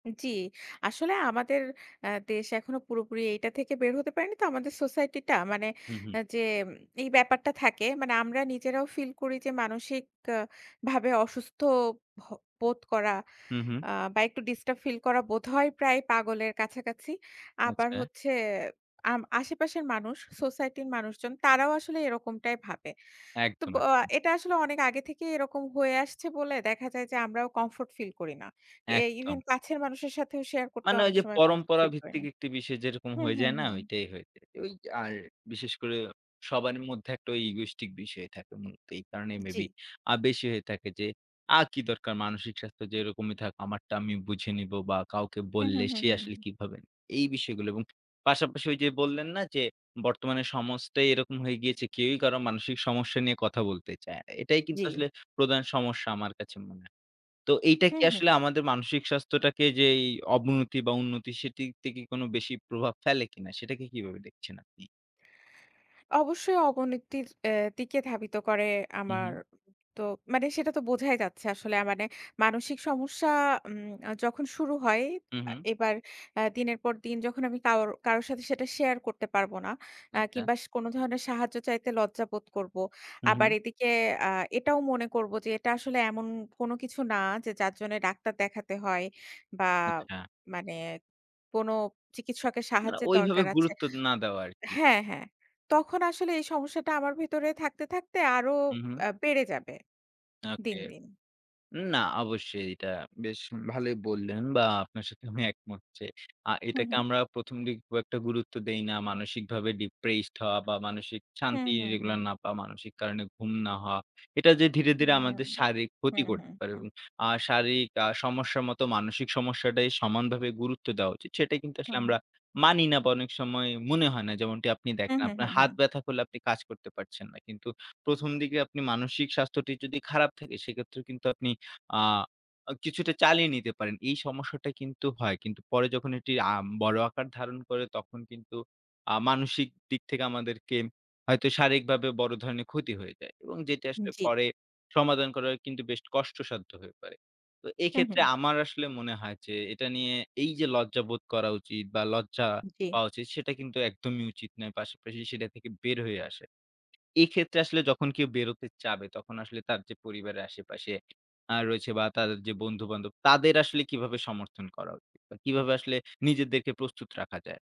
জি। আসলে আমাদের আ দেশ এখনো পুরোপুরি এইটা থেকে বের হতে পারেনি তো আমাদের society টা মানে হুম, হুম। আ যে এই ব্যাপারটা থাকে। মানে আমরা নিজেরাও feel করি যে মানসিক ভাবে অসুস্থ ভ বোধ করা হু, হু। আ বা একটু disturb feel করা বোধহয় প্রায় পাগলের কাছাকাছি। আবার আচ্ছা। হচ্ছে আম আশেপাশের মানুষ society র মানুষজন তারাও আসলে এরকমটাই ভাবে। তো একদম। অ এটা আসলে অনেক আগে থেকেই এরকম হয়ে আসছে বলে দেখা যায় যে আমরাও comfort feel করি না। এ even একদম। কাছের মানুষের সাথেও share করতে মানে, অনেক ওইযে সময় comfort feel করি না। পরম্পরাভিত্তিক একটি বিষয় যেরকম হুম, হয়ে হুম, যায় না? হুম। ওইটাই হয়ে যায়। ওই আর বিশেষ করে সবারই মধ্যে ওই egoistic বিষয় থাকে মূলত এই কারণেই maybe জি। আ বেশি হয়ে থাকে যে, আ কি দরকার মানসিক স্বাস্থ্য যেরকমই থাকুক, আমারটা আমি বুঝে নিব বা কাউকে হুম, বললে হুম, হুম, সে আসলে হুম। কি ভাববে? এই বিষয়গুলো এবং পাশাপাশি ওইযে বললেন না যে? বর্তমানে সমস্তই এরকম হয়ে গিয়েছে। কেউই কারো মানসিক সমস্যা নিয়ে কথা বলতে চায় না। এটাই কিন্তু আসলে জি। প্রধান সমস্যা আমার কাছে মনে হয়। তো এইটা কি হুম, আসলে হুম। আমাদের মানসিক স্বাস্থ্যটাকে যেই অবনতি বা উন্নতি সেটির থেকে কোনো বেশি প্রভাব ফেলে কিনা সেটাকে কিভাবে দেখছেন আপনি? অবশ্যই অবণিতির অ্যা দিকে ধাবিত করে হুম, আমার হুম। তো মানে সেটা তো বোঝাই যাচ্ছে। আসলে, মানে মানসিক সমস্যা উম যখন শুরু হয় হুম, হুম। এবার অ্যা দিনের পর দিন যখন আমি কাও কারোর সাথে সেটা share করতে পারব না অ্যা আচ্ছা। কিংবা কোনো ধরনের সাহায্য চাইতে লজ্জা বোধ করব। হুম, আবার হুম। এদিকে আ এটাও মনে করব যে এটা আসলে এমন কোনো কিছু না যে যার জন্যে ডাক্তার দেখাতে হয় বা আচ্ছা। মানে কোনো চিকিৎসকের না, সাহায্যের ওইভাবে দরকার আছে গুরুত্ব না দেওয়া আরকি। হ্যাঁ, হ্যাঁ। তখন আসলে এই সমস্যাটা আমার ভেতরে থাকতে থাকতে আরও হুম, হুম। অ্যা বেড়ে যাবে ওকে। দিন, দিন। না, অবশ্যই এটা বেশ ভালোই বললেন বা আপনার সাথে আমি একমত যে, আ হুম, এটাকে হুম। আমরা ১ম দিকে খুব একটা গুরুত্ব দেই না। মানসিকভাবে depressed হওয়া বা মানসিক হুম, শান্তি হুম, regular হুম। না পাওয়া, মানসিক কারণে ঘুম না হওয়া এটা যে ধীরে, হুম, ধীরে হুম। আমাদের শারীরিক ক্ষতি হুম, হুম, করতে পারে হুম। এবং আ শারীরিক আ সমস্যার মতো মানসিক সমস্যাটাই সমানভাবে গুরুত্ব দেওয়া উচিত সেটা কিন্তু হুম, আসলে হু। আমরা মানি না বা অনেক সময় মনে হয় না। যেমনটি আপনি হুম, দেখেন, হুম, আপনার হুম, হুম। হাত ব্যথা করলে আপনি কাজ করতে পারছেন না। কিন্তু ১ম দিকে আপনি মানসিক স্বাস্থ্যটি যদি খারাপ থাকে সেক্ষেত্রে কিন্তু আপনি আ কিছুটা চালিয়ে নিতে পারেন। এই সমস্যাটা কিন্তু হয়। কিন্তু পরে যখন এটি আ বড় আকার ধারণ করে তখন কিন্তু আ মানসিক দিক থেকে আমাদেরকে হয়তো শারীরিকভাবে বড় ধরনের ক্ষতি হয়ে যায় এবং যেটা আসলে জি। পরে সমাধান করা কিন্তু বেশ কষ্টসাধ্য হয়ে পড়ে। তো হুম, হুম। এক্ষেত্রে আমার আসলে মনে হয় যে, এটা নিয়ে এইযে লজ্জাবোধ করা উচিত, বা লজ্জা জি। পাওয়া উচিত সেটা কিন্তু একদমই উচিত নয়। পাশাপাশি সেটা থেকে বের হয়ে আসা। এক্ষেত্রে আসলে যখন কেউ বের হতে চাবে, তখন আসলে তার যে পরিবারের আশেপাশে আ রয়েছে বা তার যে বন্ধু-বান্ধব তাদের আসলে কিভাবে সমর্থন করা বা কিভাবে আসলে নিজেদেরকে প্রস্তুত রাখা যায়?